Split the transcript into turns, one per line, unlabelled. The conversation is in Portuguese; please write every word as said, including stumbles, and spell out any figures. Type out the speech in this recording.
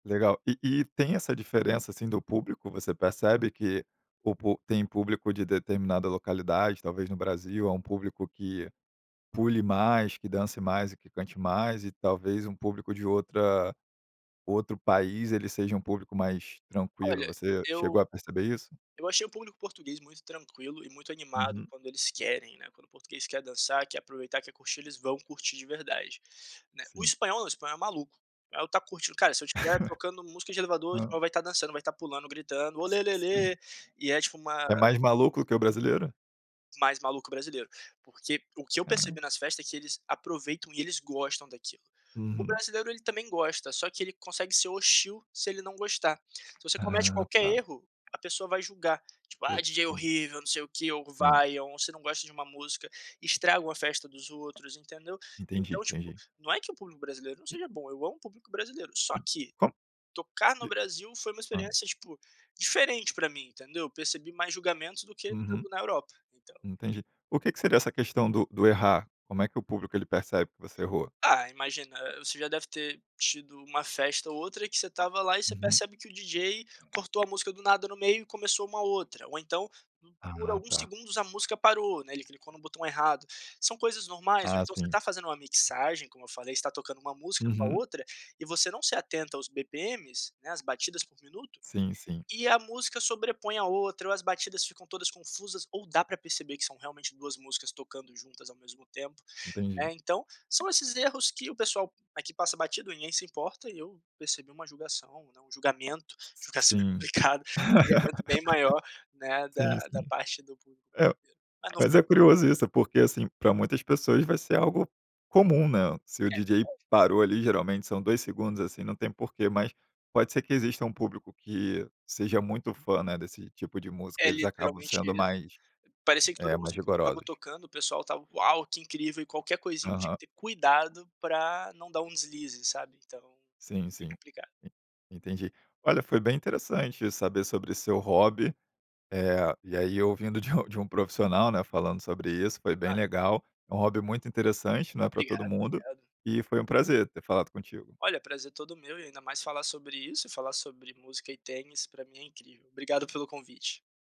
Legal. E e tem essa diferença assim do público? Você percebe que o tem público de determinada localidade, talvez no Brasil, é um público que pule mais, que dance mais e que cante mais, e talvez um público de outra outro país ele seja um público mais tranquilo.
Olha,
Você chegou
eu
a perceber isso?
achei o público português muito tranquilo e muito animado
Uhum.
quando eles querem, né, quando o português quer dançar, quer aproveitar, quer curtir, eles vão curtir de verdade né. O
Sim.
espanhol não, o espanhol é maluco, é o estar curtindo, cara, se eu estiver tocando música de elevador
Hã.
vai estar dançando vai estar pulando gritando
Hum.
olelele, e é tipo uma
É mais maluco que o brasileiro?
Mais maluco que o brasileiro, porque o que eu percebi
Caram
nas festas é que eles aproveitam e eles gostam daquilo. O
Uhum.
brasileiro ele também gosta só que ele consegue ser hostil se ele não gostar. Se você comete
Aham
qualquer
tá.
erro, a pessoa vai julgar, tipo ah
Putz
DJ
grila.
horrível não sei o que, ou
Sim.
vaia, ou você não gosta de uma música, estragam a festa dos outros entendeu.
Entendi,
Então tipo,
entendi.
não é que o público brasileiro não seja bom, eu amo o público brasileiro, só
Hum
que
co
tocar no
de
Brasil foi uma
hã.
experiência tipo diferente pra mim entendeu? Eu percebi mais julgamentos do que
Uhum.
na Europa. Então
Entendi. O que que seria essa questão do do errar? Como é que o público ele percebe que você errou?
Ah imagina, você já deve ter tido uma festa ou outra que você estava lá e você
Uhum.
percebe que o DJ cortou a música do nada no meio e começou uma outra, ou então por
Ah
alguns
tá.
segundos a música parou, né, ele clicou no botão errado, são coisas normais ou
Ah,
então você
sim.
tá fazendo uma mixagem como eu falei você tá tocando uma música com a
Uhum.
outra, e você não se atenta aos bpm's, né, as batidas por minuto,
Sim sim.
e a música sobrepõe a outra ou as batidas ficam todas confusas ou dá pra perceber que são realmente duas músicas tocando juntas ao mesmo tempo,
Entendi.
né, então são esses erros que o pessoal aqui passa batido ninguém se importa e eu percebi uma julgação, né, um julgamento, julgação é
Sim.
complicado, julgamento bem maior, né, da
Sim,
da
sim.
parte do pu
É.
eiro, mas não
Mas
foi
é
um proble
curioso isso, porque assim, pra muitas pessoas vai ser algo comum, né, se o
É
DJ
verdade.
parou ali, geralmente são dois segundos assim, não tem porquê, mas pode ser que exista um público que seja muito fã, né, desse tipo de música,
É
eles acabam
literalmente
sendo
isso,
mais,
parecia que toda
eh, mais
música estava
rigorosos.
tocando o pessoal estava: "Uau, que incrível" e qualquer coisinha tinha
Aham.
que ter cuidado pra não dar um deslize sabe então,
Sim,
é
sim.
complicado.
En entendi. Olha, foi bem interessante saber sobre seu hobby. Eh, e aí eu ouvindo de um de um profissional, né, falando sobre isso, foi bem
Ah.
legal. É um hobby muito interessante, né, pra todo
Obrigado
mundo,
obrigado.
e foi um prazer ter falado contigo.
Olha, prazer todo meu e ainda mais falar sobre isso e falar sobre música e tênis pra mim é incrível, obrigado pelo convite.